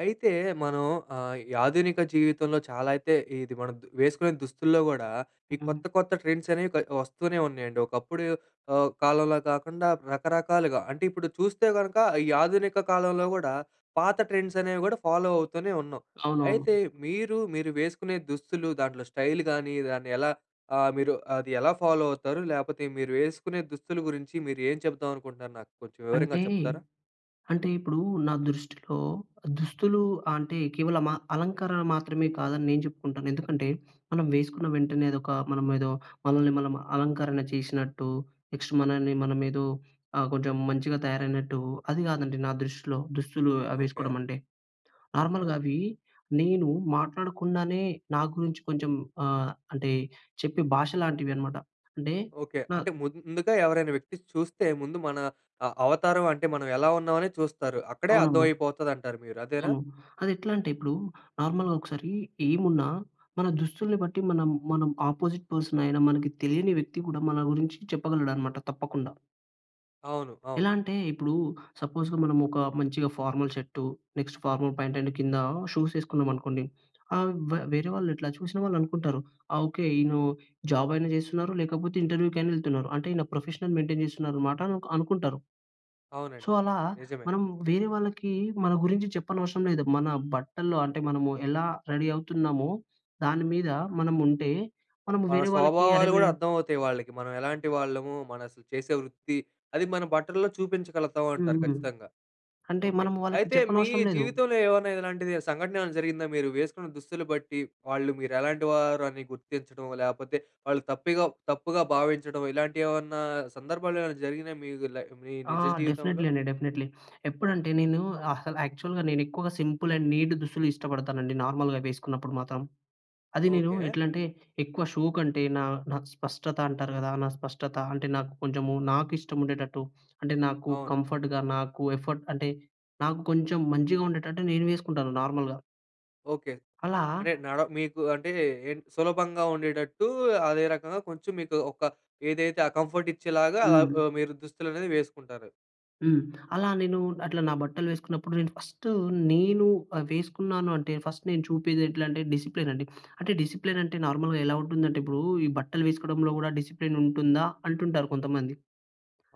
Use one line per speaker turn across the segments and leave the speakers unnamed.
అయితే మనం ఆహ్, ఈ ఆధునిక జీవితంలో చాలా అయితే ఇది మనం వేసుకునే దుస్తుల్లో గూడా, ఈ
హ్మ్.
కొత్త, కొత్త ట్రెండ్స్ అనేవి క వస్తూనే ఉన్నాయండి. ఒకప్పుడు ఆహ్, కాలంలా కాకుండా రకరకాలుగా అంటే, ఇప్పుడు చూస్తే గనుక ఈ ఆధునిక కాలంలో గూడా పాత ట్రెండ్స్ అనేవి గూడా ఫాలో అవుతూనే ఉన్నాం.
అవునవును.
అయితే మీరు, మీరు వేసుకునే దుస్తులు దాంట్లో స్టైల్ గానీ దాన్ని ఎలా ఆహ్, మీరు అది ఎలా ఫాలో అవుతారు లేకపోతే మీరు వేసుకునే దుస్తుల గురించి మీరు ఏం చెప్దాం అనుకుంటున్నారు నాకు కొంచెం వివరంగా
అంటే,
చెప్తారా?
అంటే ఇప్పుడూ నా దృష్టిలో దుస్తులు అంటే కేవలం అ అలంకరణ మాత్రమే కాదని నేను చెప్పుకుంటాను. ఎందుకంటే, మనం వేసుకున్న వెంటనే అదొక మనమేదో మనల్ని మనం అలంకరణ చేసినట్టు, నెక్స్ట్ మనల్ని మనమేదో ఆహ్, కొంచెం మంచిగా తయారైనట్టు, అది కాదండి నా దృష్టిలో. దుస్తులు ఆహ్,
ఓకే.
వేసుకోవడం అంటే,
ఓకే.
నార్మల్‍గా అవి నేను మాట్లాడకుండానే, నా గురించి కొంచెం ఆహ్, అంటే చెప్పే భాష లాంటివి అనమాట. అంటే
ఓకే.
నా
అంటే, ముందుగా ఎవరైనా వ్యక్తి చూస్తే, ముందు మన ఆహ్, అవతారం అంటే, మనం ఎలా ఉన్నాం అని చూస్తారు. అక్కడే అర్థం
అవునవును.
అయిపోతది అంటారు మీరు అదేనా?
అవును. అది ఎట్లా అంటే, ఇప్పుడూ నార్మల్‌గా ఒకసారి ఏమున్నా మన దుస్తుల్ని బట్టి మనం, మనం ఆపోసిట్ పర్సన్ అయినా మనకి తెలియని వ్యక్తి కూడా, మన గురించి చెప్పగలడు అనమాట తప్పకుండా.
అవును.
ఎలా
అవును.
అంటే, ఇప్పుడూ సపోజ్‌గా మనం ఒక మంచిగా formal shirt, next formal pant and కింద షూస్ ఏసుకున్నాం అనుకోండి. ఆహ్, వ్ వేరే వాళ్ళు ఇట్లా చూసిన వాళ్ళు అనుకుంటారు. ఆ ఓకే ఈయన జాబ్ అయిన జేస్తున్నారు, లేకపోతే ఇంటర్వ్యూకైనా యేళ్తున్నారు. అంటే ఈయన ప్రొఫెషనల్ మెయింటెయిన్ జేస్తున్నారు అనమాట అనుకుంటారు. సో,
అవునండి.
అలా
నిజమే.
మనం వేరే వాళ్ళకి, మన గురించి చెప్పనవసరం లేదు. మన బట్టల్లో అంటే మనము ఎలా రెడీ అవుతున్నామో, దాని మీద మనం ఉంటే, మనము
మన
వేరే వాళ్ళకి అరె
స్వభావాలు గూడా
మీను
అర్థమవుతాయి వాళ్ళకి. మనం ఎలాంటి వాళ్ళము? మన అసలు చేసే వృత్తి, అది మన బట్టల్లో చూపించగలుగుతాం అంటారు
హుహు.
ఖచ్చితంగా.
అంటే
ఓకె.
మనం వాళ్ళకి
అయితే మీ
చెప్పనవసరం లేదు.
జీవితంలో ఏమైనా ఇలాంటిది సంఘటన ఏమైనా జరిగిందా? మీరు వేసుకున్న దుస్తులు బట్టి, వాళ్ళు మీరు ఎలాంటి వారు అని గుర్తించడం, లేకపోతే వాళ్ళు తప్పిగా తప్పుగా భావించడం ఇలాంటివి ఏవన్నా సందర్భాలు ఏమైనా జరిగినా మీ లై మీ
ఆ!
నిజ జీవితంలో?
డెఫినెట్లీ అండి. డెఫినెట్లీ. ఎప్పుడంటే, నేను అసలు యాక్చువల్‌గా, నేను ఎక్కువగా సింపుల్ అండ్ నీట్ దుస్తులు ఇష్టపడతానండి, నార్మల్‍గా వేసుకున్నప్పుడు మాత్రం. అది నేను
ఓకె.
ఎట్లంటే, ఎక్కువ షో కంటే, నా నాకు స్పష్టత అంటారు గదా! నా స్పష్టత అంటే, నాకు కొంచెము నాకు ఇష్టం ఉండేటట్టు, అంటే నాకు
అవును.
కంఫర్ట్‌గా, నాకు ఎఫర్ట్ అంటే, నాకు కొంచెం మంచిగా ఉండేటట్టు నేను వేసుకుంటాను నార్మల్‍గా.
ఓకే.
అలా
అంటే నడ మీకు అంటే ఏం సులభంగా ఉండేటట్టు, అదే రకంగా కొంచెం మీకు ఒక ఏదైతే ఆ కంఫర్ట్ ఇచ్చేలాగా
హ్మ్.
ఆహ్, మీరు దుస్తులనేవి వేసుకుంటారు.
హ్మ్. అలా నేను అట్లా నా బట్టలు వేసుకున్నప్పుడు నేను ఫస్ట్ నేను ఆహ్, వేసుకున్నాను అంటే ఫస్ట్ నేను చూపేది ఎట్లా అంటే డిసిప్లైన్ అండి. అంటే డిసిప్లైన్ అంటే నార్మల్‌గా ఎలా ఉంటుంది అంటే ఇప్పుడు ఈ బట్టలు వేసుకోవడంలో కూడా డిసిప్లైన్ ఉంటుందా, అంటుంటారు కొంతమంది.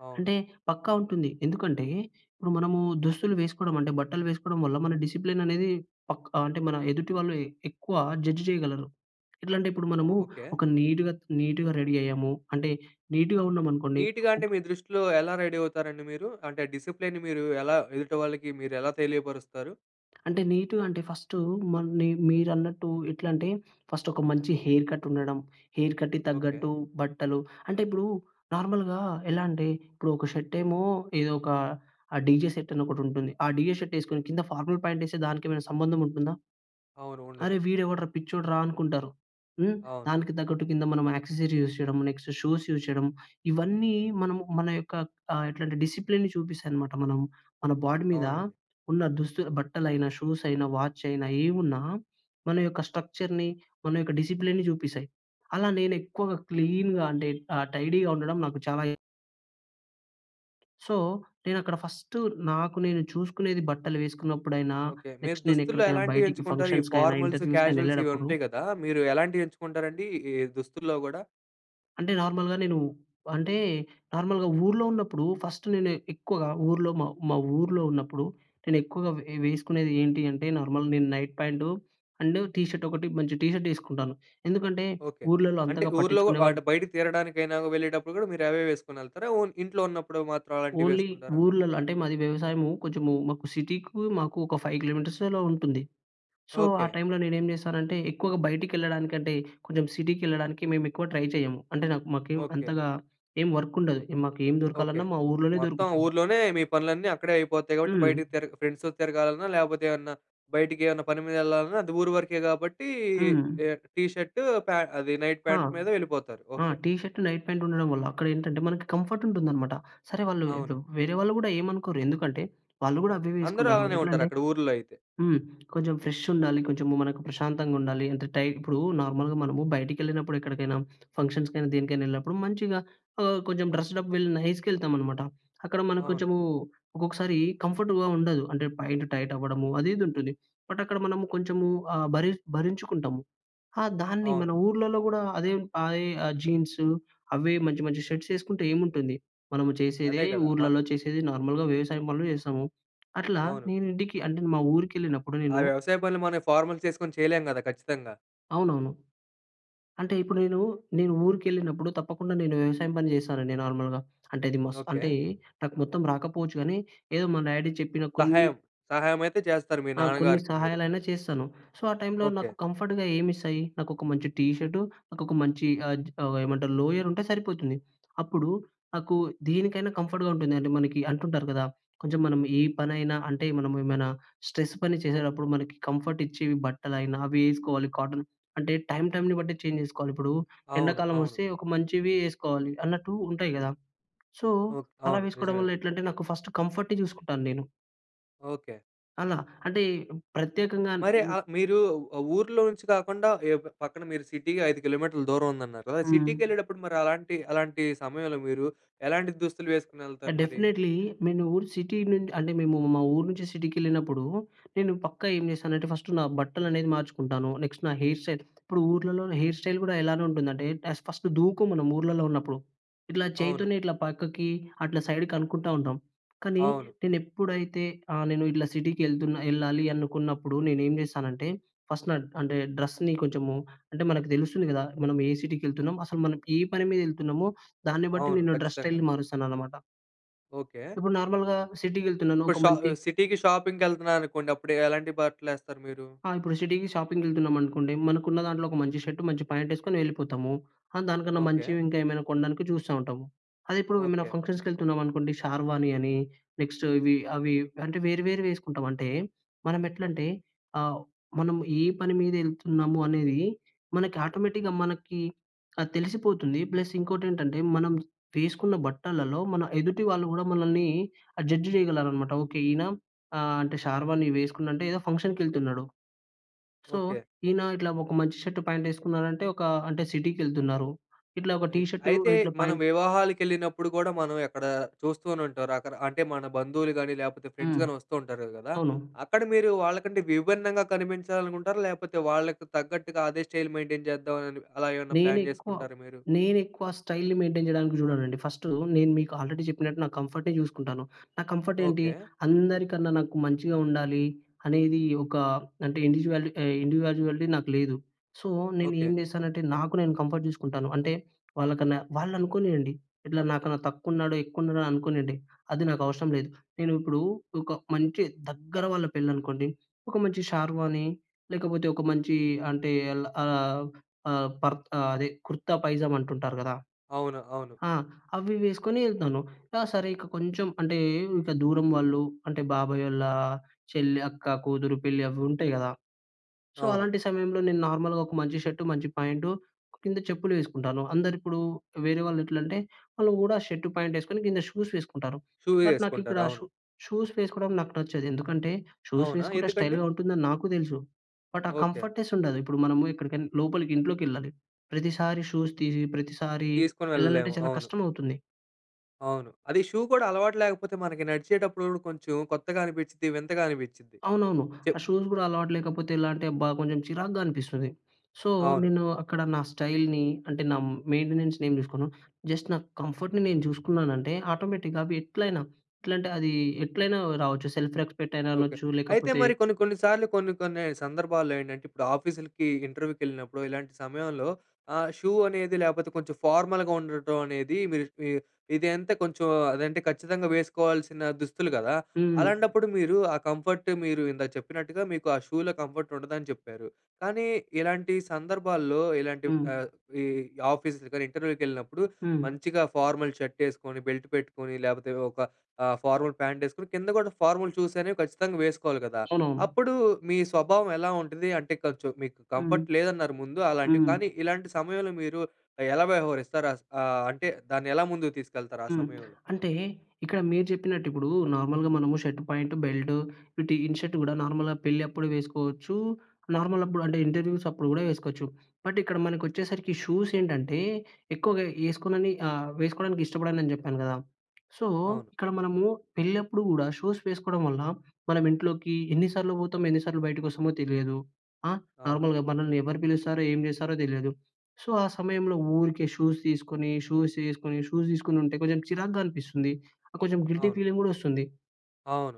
అవును.
అంటే పక్కా ఉంటుంది. ఎందుకంటే ఇప్పుడు మనము దుస్తులు వేసుకోవడం అంటే బట్టలు వేసుకోవడం వల్ల మన డిసిప్లైన్ అనేది పక్కా అంటే మన ఎదుటి వాళ్ళు ఎక్కువ జడ్జ్ చేయగలరు. ఎట్లా అంటే ఇప్పుడు మనము
ఓహ్! ఓకే.
ఒక నీట్‌గా, నీట్‌గా రెడీ అయ్యాము. అంటే నీట్‌గా ఉన్నాము అనుకోండి.
నీట్‌గా అంటే మీ దృష్టిలో ఎలా రెడీ అవుతారండి మీరు. అంటే డిసిప్లేయిన్‌‌ని మీరు ఎలా ఎదుటి వాళ్ళకి మీరు ఎలా తెలియపరుస్తారు?
అంటే నీట్‌గా అంటే ఫస్టూ మ న మీరన్నట్టు ఎట్లాంటే ఫస్ట్ ఒక మంచి హెయిర్ కట్ ఉండడం. హెయిర్ కట్‌కి
ఓకే.
తగ్గట్టు బట్టలు. అంటే ఇప్పుడు నార్మల్‌గా ఎలా అంటే ఇప్పుడు ఒక షర్ట్ ఏమో ఏదో ఒక డీజే షర్ట్ అని ఒకటి ఉంటుంది. ఆ డీజే షర్ట్ వేసుకొని కింద ఫార్మల్ ప్యాంట్ వేస్తే దానికి ఏమైనా సంబంధం ఉంటుందా?
అవును.
అరే!
ఉండదు.
వీడు ఎవడ్రా పిచ్చోడురా అనుకుంటారు. హ్మ్.
అవును.
దానికి తగ్గట్టు కింద మనం యాక్సెసిరీస్ యూస్ చేయడం. నెక్స్ట్ షూస్ యూస్ చేయడం. ఇవన్నీ మనం మన యొక్క ఎ ఎట్లాంటే డిసిప్లైన్ చూపిస్తాయి అనమాట. మనం మన బాడీ మీద
అవునండి.
ఉన్న దుస్తులు బట్టలైనా షూస్ అయినా వాచ్ అయినా ఏమున్నా మన యొక్క స్ట్రక్చర్‌ని మన యొక్క డిసిప్లైన్‌ని చూపిస్తాయి. అలా నేను ఎక్కువగా క్లీన్‍గా అంటే ఆ! టైడీగా ఉండడం నాకు చాలా సో, నేను అక్కడ ఫస్టు నాకు నేను చూసుకునేది బట్టలు వేసుకున్నప్పుడైనా,
ఓకే. మీరు
నెక్స్ట్ నేను
దుస్తుల్లో
ఎక్కడికైనా
ఎలాంటివి
బయటికి
ఎంచుకుంటారు? ఈ
ఫంక్షన్స్‌కైనా,
ఫార్మల్స్,
ఇంటర్వ్యూస్‌కైనా
క్యాజువల్స్ ఇవి
ఎళ్ళేటప్పుడు
ఉంటాయి గదా! మీరు ఎలాంటివి ఎంచుకుంటారండి ఈ దుస్తుల్లో గూడా?
అంటే, నార్మల్‍గా నేను, అంటే నార్మల్‍గా ఊర్లో ఉన్నప్పుడు ఫస్ట్ నేను ఎక్కువగా ఊర్లో, మా మా ఊర్లో ఉన్నప్పుడు నేను ఎక్కువగా వే వేసుకునేది ఏంటి అంటే నార్మల్ నేను నైట్ ప్యాంట్ అండ్ టీషర్ట్ ఒకటి మంచి టీషర్ట్ వేసుకుంటాను. ఎందుకంటే,
ఓకే.
ఊర్లలలో
అంటే
అంతగా
ఊర్లోవ
పట్టించుకునేవాళ్ళు
అటు బయటికి తిరగడానికైనా, వెళ్ళేటప్పుడు గూడా మీరు అవే వేసుకొని వెళ్తారా? ఓ ఇంట్లో ఉన్నప్పుడు మాత్రం అలాంటివి
ఓన్లీ
వేసుకుంటారా?
ఊర్లలలో అంటే మాది వ్యవసాయము. కొంచెం మాకు సిటీకి మాకు ఒక 5 కి. మీ. అలా ఉంటుంది. సో, ఆ
ఓకే.
టై‌మ్‌లో నేనేం చేశానంటే, ఎక్కువగా బయటికెళ్ళడానికి అంటే, కొంచెం సిటీకి ఎళ్ళడానికి మేము ఎక్కువ ట్రై చేయము. అంటే నాకు మాకేం
ఓకే.
అంతగా ఏం వర్క్ ఉండదు మాకు ఏం
ఓకే.
దొరకాలన్నా మా ఊర్లోనే
మొత్తం
దొరుకుతుంది.
ఊర్లోనే మీ పనులన్నీ అక్కడే అయిపోతాయి గాబట్టి
హ్మ్.
బయటికి తిరగ ఫ్రెండ్స్‌తో తిరగాలన్నా లేకపోతే, ఏవన్నా బయటికి ఏమన్నా పని మీద వెళ్ళాలన్నా అది ఊరు వరకే గాబట్టి
హ్మ్.
ఆహ్, టీషర్ట్ పే అది నైట్
ఆ!
ప్యాంట్ మీద వెళ్ళిపోతారు.
ఆ!
ఓకే.
టిషర్ట్ నైట్ ప్యాంట్ ఉండడం వల్ల అక్కడ ఏంటంటే మనకి కంఫర్ట్ ఉంటుందన్నమాట. సరే వాళ్ళు,
అవును.
వేరే వాళ్ళు కూడా ఏమి అనుకోరు. ఎందుకంటే, వాళ్ళు కూడా అవే
అందరూ
వేసుకుంటారు.
అలానే
ఎట్లా
ఉంటారు.
అంటే
అక్కడ ఊర్లో అయితే.
హ్మ్. కొంచెం ఫ్రెషుండాలి, కొంచెం మనకు ప్రశాంతంగా ఉండాలి. అంటే టై నార్మల్‍గా మనము బయటికెళ్ళినప్పుడు ఎక్కడికైనా, ఫంక్షన్స్‌కైనా, దేనికైనా వెళ్ళినప్పుడు మంచిగా ఆహ్, కొంచెం డ్రెస్డ్అప్ వెల్ నైస్‌గా వెళ్తామనమాట. అక్కడ మనకు
అవును.
కొంచెము ఒక్కొక్కసారి కంఫర్ట్‌గా ఉండదు. అంటే ప్యాంట్ టైట్ అవ్వడము అది, ఇది ఉంటుంది. బట్ అక్కడ మనము కొంచెము ఆహ్, భరి భరించుకుంటాము ఆహ్, దాన్ని మన
అవును.
ఊర్లలో కూడా అదే అదే ఆహ్, జీన్సు అవే మంచి, మంచి షర్ట్స్ వేసుకుంటే ఏముంటుంది? మనము
అదే
చేసేదే
గదా! మ
ఊర్లలలో చేసేదే నార్మల్‍గా వ్యవసాయం పనులు చేస్తాము. అట్లా
అవును.
నేను ఇంటికి అంటే మా ఊరికి వెళ్ళినప్పుడు
ఆ
నేను
వ్యవసాయ పనులు మనం ఫార్మల్స్ వేసుకొని చేయలేం గదా! ఖచ్చితంగా.
అవునవును. అంటే ఇప్పుడు నేను, నేను ఊరికెళ్ళినప్పుడు తప్పకుండా నేను వ్యవసాయం పని చేశానండి నార్మల్‌గా. అంటే అది మస్త్ అంటే
ఓకే.
నాకు మొత్తం రాకపోవచ్చు గానీ ఏదో మా డాడీ చెప్పిన కొన్ని
సహాయం. సహాయమైతే చేస్తారు మీ
ఆ! కొన్ని
నాన్నగారికి మీరు.
సహాయాలైనా చేస్తాను. సో, ఆ టైమ్‌లో నాకు
ఓకే.
కంఫర్ట్‌గా ఏమిస్తాయి? నాకు ఒక మంచి టీ షర్ట్ నాకొక మంచి ఆజ్ అవేమంటారు లోయర్ ఉంటే సరిపోతుంది. అప్పుడు నాకు దీనికైనా కంఫర్ట్‌గా ఉంటుందండి. మనకి అంటుంటారు కదా! కొంచెం మనం ఏ పనైనా అంటే మనము ఏమైనా స్ట్రెస్ పని చేసేటప్పుడు మనకి కంఫర్ట్ ఇచ్చేవి బట్టలైనా అవి వేసుకోవాలి. కాటన్ అంటే టైమ్ టైమ్‌ని బట్టి చేంజ్ చేసుకోవాలి. ఇప్పుడు
అవును.
ఎండాకాలం
అవును.
వస్తే ఒక మంచివి ఏసుకోవాలి అన్నట్టు ఉంటాయి గదా! So,
okay.
అలా
అవును.
వేసుకోవడం
నిజమే
వల్ల
అండి.
ఎట్లంటే నాకు ఫస్ట్ కంఫర్ట్ చూసుకుంటాను నేను.
ఓకే.
అలా. అంటే ప్రత్యేకంగా
మరి ఆహ్, మీరు ఊర్లో నుంచి కాకుండా ఎ పక్కన మీరు సిటీకి ఐదు కిలోమీటర్ల దూరం ఉందన్నారు కదా!
హ్మ్.
సిటీకెళ్ళేటప్పుడు మరి అలాంటి, అలాంటి సమయంలో మీరు ఎలాంటి దుస్తులు ఏసుకొని వెళ్తారు మరీ?
డెఫినైట్లీ. నేను ఊరు సిటీ నుం అంటే మేము మా ఊరు నుంచి సిటీకెళ్ళినప్పుడు నేను పక్కా ఏం చేస్తానంటే ఫస్ట్ నా బట్టలనేవి మార్చుకుంటాను. నెక్స్ట్ నా హెయిర్ స్టైల్ ఇప్పుడు ఊర్లలో హెయిర్ స్టైల్ గూడా ఎలానుంటుందంటే టెస్ ఫస్ట్ దువ్వుకోము మనం ఊర్లలో ఉన్నప్పుడు. ఇట్లా
అవును.
చేయితోనే ఇట్లా పక్కకి అట్లా సైడ్ కనుకుంటా ఉంటాం. కానీ
అవును.
నేను ఎప్పుడైతే ఆహ్, నేను ఇట్లా సిటీకెళ్తున ఎళ్ళాలి అనుకున్నప్పుడు నేనేం చేస్తానంటే ఫస్ట్ నా డ్ అంటే డ్రెస్‌ని కొంచెము అంటే మనకు తెలుస్తుంది కదా! మనం ఏ సిటీకెళ్తున్నాము? అసలు మనం ఏ పని మీద ఎళ్తున్నామో! దాన్ని బట్టి
అవును.
నేను డ్రెస్
ఖచ్చితంగా.
స్టైల్ మారుస్తాననమాట.
ఓకే.
ఇప్పుడు నార్మల్‌గా సిటీకి వెళ్తున్నాను.
ఇప్పుడు
ఒక
షా
మంచి
సిటీ‌కి షాపింగ్‌కి వెళ్తున్నాను అనుకోండి. అప్పుడు ఎలాంటి బట్టలు వేస్తారు మీరు?
ఆ! ఇప్పుడు సిటీకి షాపింగ్‌కి వెళ్తున్నాం అనుకోండి. మనకు ఉన్నదాంట్లో ఒక మంచి షర్ట్ మంచి ప్యాంట్ వేసుకొని వెళ్ళిపోతాము. ఆ! దానికన్నా
ఓకే.
మంచివి ఇంకా ఏమైనా కొండానికి చూస్తా ఉంటాము. అదే ఇప్పుడు ఏమైనా
ఓకే.
ఫంక్షన్స్‌కి వెళ్తున్నాం అనుకోండి. షార్వాని అని నెక్స్ట్ ఇవి అవి అంటే వేరు వేరు వేసుకుంటాం. అంటే మనం ఎట్లంటే ఆహ్, మనం ఏ పని మీద వెళ్తున్నాము అనేది మనకి ఆటోమేటిక్‍గా మనకి ఆ! తెలిసిపోతుంది. ప్లస్ ఇంకోటేంటంటే మనం వేసుకున్న బట్టలలో మన ఎదుటి వాళ్ళు కూడా మనల్ని ఆహ్, జడ్జ్ చేయగలరన్నమాట. ఓకే. ఈయన ఆహ్, అంటే షార్వాని వేసుకున్నాడు అంటే ఏదో ఫంక్షన్‍కె ళ్తున్నాడు. So,
okay.
ఈయన ఇట్లా ఒక మంచి షర్ట్ పాంట్ వేసుకున్నాడు అంటే ఒక అంటే సిటీకెళ్తున్నారు. ఇట్లా ఒక టీ
అయి
షర్టు
అయితే
ఇట్ల
మనం
ప్యాంట్
వివాహాలకెళ్ళినప్పుడు కూడా మనం ఎక్కడ చూస్తూనే ఉంటారు. రకరకా అంటే మన బంధువులుగాని, లేకపోతే
హ్మ్.
ఫ్రెండ్సగాని వస్తూ ఉంటారు కదా!
అవును
అక్కడ మీరు వాళ్ళకంటే విభిన్నంగా కనిపించాలి అనుకుంటారా? లేకపోతే వాళ్ళకి తగ్గట్టుగా అదే స్టైల్ మెయిన్‌టైన్ చేద్దాం అని అలా ఏమైనా
నేను
ప్లాన్
ఎక్కువ
చేసుకుంటారా మీరు?
నేను ఎక్కువ స్టైల్‌ని మెయిన్‌టైన్ చేయడానికి చూడనండి. ఫస్ట్ నేను మీకు ఆల్రెడీ చెప్పినట్టు నాకు కంఫర్ట్ చూసుకుంటాను. నా కంఫర్ట్ ఏంటి
ఓకే.
అందరికన్నా నాకు మంచిగా ఉండాలి. అనేది ఒక అంటే ఇండివిడ్యవాలి ఇండివిడ్యువాలిటీ నాకు లేదు. సో, నేను ఏం
ఓకే.
చేశానంటే నాకు నేను కంఫర్ట్ చూసుకుంటాను. అంటే వాళ్ళకన్నా వాళ్ళు అనుకోనియండి. ఇట్లా నాకన్నా తక్కువ ఉన్నాడో, ఎక్కు ఉన్నాడో అనుకోనియండి. అది నాకు అవసరం లేదు. నేను ఇప్పుడు ఒక మంచి దగ్గర వాళ్ళ పెళ్ళి అనుకోండి. ఒక మంచి షార్వాని లేకపోతే ఒక మంచి అంటే ఆహ్, ఆహ్, పర్ అదే కుర్తా పైజామ అంటుంటారు కదా!
అవును. అవును.
ఆ!అవి వేసుకొని ఎళ్తాను. కా సరే ఇక కొంచెం అంటే ఇక దూరం వాళ్ళు అంటే బాబాయ్ వాళ్ళ చెల్లి, అక్క, కూతురు పెళ్ళి అవి ఉంటాయి కదా! సో,
అవును.
అలాంటి సమయంలో నేను నార్మల్‌గా ఒక మంచి షర్ట్ మంచి ప్యాంట్ కింద చెప్పులు వేసుకుంటాను అందరు ఇప్పుడు వేరే వాళ్ళు ఎట్లంటే వాళ్ళు కూడా షర్ట్ ప్యాంట్ ఏసుకొని కింద షూస్ వేసుకుంటారు.
షూ
బట్ నాకు ఇక్కడ
ఏసుకుంటారు.
షు
అవును.
షూస్ వేసుకోవడం నాకు నచ్చదు ఎందుకంటే షూస్
అవునా!
వేసుకుంటే
ఎందుకండీ?
స్టైల్‌గా ఉంటుందని నాకు తెలుసు. బట్ ఆ
ఓకే.
కంఫర్ట్‌నెస్ ఉండదు. ఇప్పుడు మనము ఎక్కడికనా లోపలికి ఇంట్లోకెళ్ళాలి ప్రతిసారి షూస్ తీసి ప్రతిసారి
తీసుకొని
వెళ్ళాలంటే
వెళ్ళలేము.
చాలా
అవును.
కష్టం అవుతుంది.
అవును. అది షూ కూడా అలవాటు లేకపోతే మనకి నడిచేటప్పుడు కూడా కొంచెం కొత్తగా అనిపించిది. వింతగా అనిపించిది.
అవునవును.
చె
ఆ షూస్ కూడా అలవాటు లేకపోతే ఎలా అంటే, అబ్బా! కొంచెం చిరాకుగా అనిపిస్తది. సో,
అవును.
నేను అక్కడ నా స్టైల్‌ని, అంటే నా మెయింటెనెన్స్‌ని ఏం చూసుకోను. జస్ట్ నా కంఫర్ట్‌ని నేను చూసుకున్నానంటే ఆటోమేటిక్‌గా అవి ఎట్లైనా ఎట్లంటే అది ఎట్లైనా రావచ్చు. సెల్ఫ్‌ రెస్పెక్ట్ అయినా
ఓకే.
అనొచ్చు
అయితే
లేకపోతే
మరి కొన్ని, కొన్ని సార్లు కొన్ని, కొన్ని సందర్భాల్లో ఏంటంటే ఇప్పుడు ఆఫీసులకి, ఇంటర్వ్యూకి వెళ్ళినప్పుడు ఇలాంటి సమయంలో ఆహ్, షూ అనేది లేకపోతే కొంచెం ఫార్మల్‌గా ఉండటం అనేది మీరు ఇ ఇదంతా కొంచెం అదంటే ఖచ్చితంగా వేసుకోవాల్సిన దుస్తులు కదా!
హ్మ్.
అలాంటప్పుడు మీరు ఆ కంఫర్ట్ మీరు ఇందాక చెప్పినట్టుగా మీకు ఆ షూలో కంఫర్ట్ ఉండదని చెప్పారు. కానీ ఇలాంటి సందర్భాల్లో, ఇలాంటి
హ్మ్.
ఆహ్, ఈ ఆఫీస్, ఇంటర్వ్యూకి వెళ్ళినప్పుడు
హ్మ్.
మంచిగా ఫార్మల్ షర్ట్ వేసుకొని, బెల్ట్ పెట్టుకొని, లేకపోతే ఒక ఆహ్, ఫార్మల్ ప్యాంట్ వేసుకొని, కింద కూడా ఫార్మల్ షూస్ అనేవి ఖచ్చితంగా వేసుకోవాలి కదా!
అవునవును.
అప్పుడు మీ స్వభావం ఎలా ఉంటుంది? అంటే కొంచెం మీకు
హ్మ్,
కంఫర్ట్ లేదన్నారు ముందు. అలాంటివి
హ్మ్.
కానీ, ఇలాంటి సమయంలో మీరు ఎలా వ్యవహరిస్తారు? ఆహ్, అంటే దాన్ని ఎలా ముందుకు తీసుకెళ్తారు ఆ
హ్మ్.
సమయంలో?
అంటే ఇక్కడ మీరు చెప్పినట్టు ఇప్పుడు నార్మల్‍గా మనము షర్ట్ పాయింట్, బెల్ట్ వీటి ఇన్ షర్ట్ కూడా నార్మల్‍గా పెళ్ళి అప్పుడు వేసుకోవచ్చు. నార్మల్ అప్పుడు అంటే ఇంటర్వ్యూస్ అప్పుడు కూడా వేసుకోవచ్చు. బట్ ఇక్కడ మనకు వచ్చేసరికి షూస్ ఏంటంటే ఎక్కువగా వేసుకోనని ఆహ్, వేసుకోవడానికి ఇష్టపడను అని చెప్పాను కదా! సో,
అవును.
ఇక్కడ మనము పెళ్లి అప్పుడు కూడా షూస్ వేసుకోవడం వల్ల మన ఇంట్లోకి ఎన్ని సార్లు పోతామో, ఎన్ని సార్లు బయటకు వస్తామో తెలియదు. ఆహ్,
అవును.
నార్మల్‌గా మనల్ని ఎవరు పిలుస్తారో, ఏం చేస్తారో తెలియదు. సో, ఆ సమయంలో ఊరికే షూస్ తీసుకొని, షూస్ వేసుకొని, షూస్ తీసుకొని ఉంటే కొంచెం చిరాగ్గా అనిపిస్తుంది. కొంచెం గిల్టీ
అవును.
ఫీలింగ్ కూడా వస్తుంది.
అవును.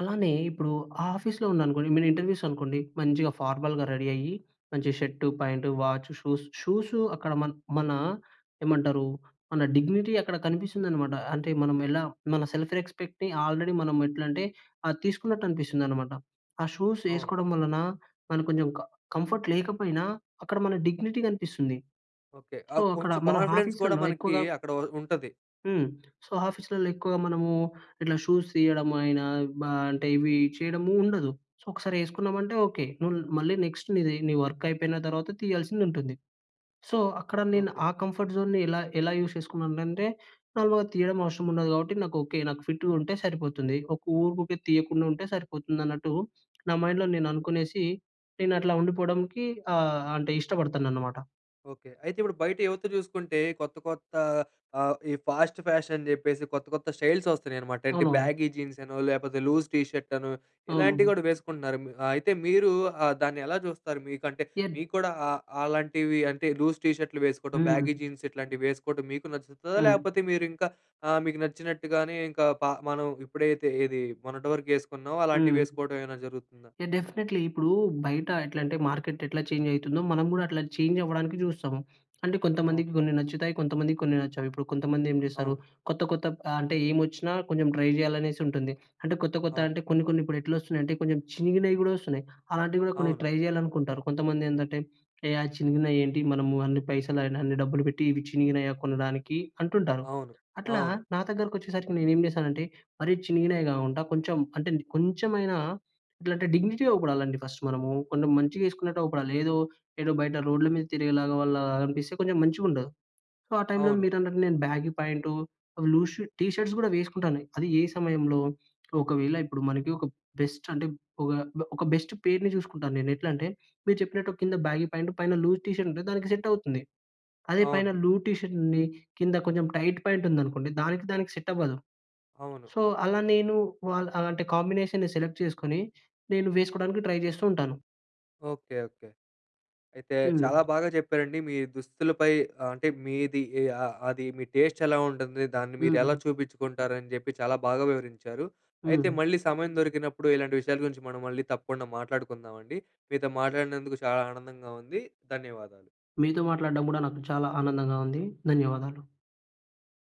అలానే, ఇప్పుడు ఆఫీస్‌లో ఉన్నాననుకోండి, మీ ఇంటర్వ్యూస్ అనుకోండి మంచిగా ఫార్మల్‌గా రెడీ అయ్యి మంచి shirt, pant, watch, shoes, shoes అక్కడ మన, మన ఏమంటారు మన డిగ్నిటీ అక్కడ కనిపిస్తుందనమాట. అంటే మనం ఎలా మన సెల్ఫ్ రెస్పెక్ట్‌ని ఆల్రెడీ మనం ఎట్లంటే, అది తీసుకున్నట్టు అనిపిస్తుందనమాట. ఆ షూస్
అవును.
ఏసుకోవడం వలన మనకి కొంచెం కం కంఫర్ట్ లేకపోయినా అక్కడ మన డిగ్నిటీ కనిపిస్తుంది.
ఓకే.
సో,
ఆహ్,
అక్కడ
కొంచెం
మనం
కాన్ఫిడెన్స్ కూడా
ఆఫీస్‌లలో
మనకి
ఎక్కువగా
అక్కడ ఉ ఉంటది.
హ్మ్. సో, ఆఫీస్‌లల్లో ఎక్కువగా మనము ఇట్లా షూస్ తీయడం అయినా బ అంటే ఇవి చేయడము ఉండదు. సో, ఒకసారి ఏసుకున్నామంటే ఓకే. నువ్వు మళ్ళీ నెక్స్ట్ నీది నీ వర్క్ అయిపోయిన తర్వాత తీయాల్సింది ఉంటుంది. సో, అక్కడ నేను
ఓకే.
ఆ కంఫర్ట్ జోన్‌ని ఎలా ఎలా యూస్ చేసుకున్నాను అంటే, నార్మల్‌గా తీయడం అవసరం ఉండదు. కాబట్టి, నాకు ఓకే, నాకు ఫిట్‌గా ఉంటే సరిపోతుంది. ఒక ఊరుకుకే తీయకుండా ఉంటే సరిపోతుంది. అన్నట్టు నా మైండ్‍లో నేను అనుకునేసి, నేను అట్లా ఉండిపోవడానికి ఆహ్, అంటే ఇష్టపడతాననమాట.
ఓకే. అయితే, ఇప్పుడు బయట యువత చూసుకుంటే కొత్త, కొత్త ఆహ్, ఈ ఫాస్ట్ ఫ్యాషన్ అని చెప్పేసి కొత్త, కొత్త స్టైల్స్ వస్తున్నాయన్నామట. అంటే
అవునవును.
బ్యాగీ జీన్స్ అనో, లేకపోతే లూజ్ టీషర్ట్ అనో ఇలాంటివి
అవును.
కూడా వేసుకుంటున్నారు. మి అయితే మీరు ఆహ్, దాన్ని ఎలా చూస్తారు? మీకంటే
ఎద్
మీకు కూడా ఆహ్, ఆహ్, అలాంటివి అంటే లూజ్ టీషర్ట్‌లు వేసుకోవడం బ్యాగీ
హ్మ్.
జీన్స్ ఇట్లాంటివి వేసుకోవడం మీకు నచ్చుతుందా?
హ్మ్.
లేకపోతే మీరు ఇంకా ఆహ్, మీకు నచ్చినట్టుగానే ఇంకా ప మనం ఇప్పుడైతే, ఏది మొన్నటి వరకు వేసుకున్నామో, అలాంటివి
హ్మ్.
వేసుకోవడం ఏమైనా జరుగుతుందా?
యాహ్! డెఫినిట్‌లీ. ఇప్పుడు బయట ఎట్లంటే మార్కెట్ ఎట్లా చేంజ్ అయితుందో మనం కూడా అట్లా చేంజ్ అవ్వడానికి చూస్తాము. అంటే కొంతమందికి
ఓకే.
కొన్ని నచ్చుతాయి. కొంతమందికి కొన్ని నచ్చవు. ఇప్పుడు కొంతమంది ఏం చేస్తారు,
అవును.
కొత్త, కొత్త ఆహ్, అంటే ఏమోచ్చినా కొంచెం ట్రై జేయాలనేసి ఉంటుంది. అంటే కొత్త, కొత్త
అవును.
అంటే కొన్ని, కొన్ని ఇప్పుడు ఎట్లా వస్తున్నాయి అంటే కొంచెం చినిగినవి కూడా వస్తున్నాయి. అలాంటివి కూడా కొన్ని
అవును.
ట్రై చేయాలనుకుంటారు. కొంతమంది ఏందంటే, ఏ చినిగినవి ఏంటి? మనము పైసలు అయినా అన్ని డబ్బులు పెట్టి ఇవి చినిగినయా కొనడానికి అంటుంటారు.
అవును.
అట్లా
అవును.
నా దగ్గరకి వచ్చేసరికి నేను ఏం చేశానంటే, మరి చినిగినయే కాకుండా కొంచెం అంటే కొంచెమైనా ఇట్లా అంటే డిగ్నిటీ‌గా అగుపడాలండి ఫస్టు మనము. కొంచెం మంచిగా వేసుకున్నట్టు అగుపడాలి. ఏదో, ఏదో బయట రోడ్ల మీద తిరిగినలా వాళ్ళలాగా అనిపిస్తే కొంచెం మంచిగా ఉండదు. సో, ఆ టైంలో
అవును.
మీరన్నట్టు నేను బ్యాగీ ప్యాంటు లూస్ టీషర్ట్స్ కూడా వేసుకుంటాను. అది ఏ సమయంలో ఒకవేళ ఇప్పుడు మనకి ఒక బెస్ట్ అంటే, ఒక ఒక బెస్ట్ పెయిర్‌ని చూసుకుంటాను నేను ఎట్లంటే, మీరు చెప్పినట్టు కింద బ్యాగీ ప్యాంట్ పైన లూజ్ టీషర్ట్ ఉంటే, దానికి సెట్ అవుతుంది. అదే పైన
అవును.
లూజ్ టీషర్ట్ ఉండీ కింద కొంచెం టైట్ పాయింట్ ఉందనుకోండి దానికి దానికి సెట్ అవ్వదు.
అవును.
సో, అలా నేను వాల్ అలాంటి కాంబినేషన్‌ని సెలెక్ట్ చేసుకొని నేను వేసుకోడానికి ట్రై చేస్తూ ఉంటాను.
ఓకే. ఓకే. అయితే,
హ్మ్.
చాలా బాగా చెప్పారండి. మీ దుస్తులపై ఆహ్, అంటే మీది ఎ ఆహ్, అది మీ టేస్ట్ ఎలా ఉంటుంది, దాన్ని మీరు ఎలా
హ్మ్.
చూపించుకుంటారు అని జెప్పి చాలా బాగా వివరించారు. అయితే,
హ్మ్.
మళ్ళీ సమయం దొరికినప్పుడు ఇలాంటి విషయాల గురించి మనం మళ్ళీ తప్పకుండా మాట్లాడుకుందామండి. మీతో మాట్లాడినందుకు చాలా ఆనందంగా ఉంది. ధన్యవాదాలు.
మీతో మాట్లాడడం కూడా నాకు చాలా ఆనందంగా ఉంది. ధన్యవాదాలు.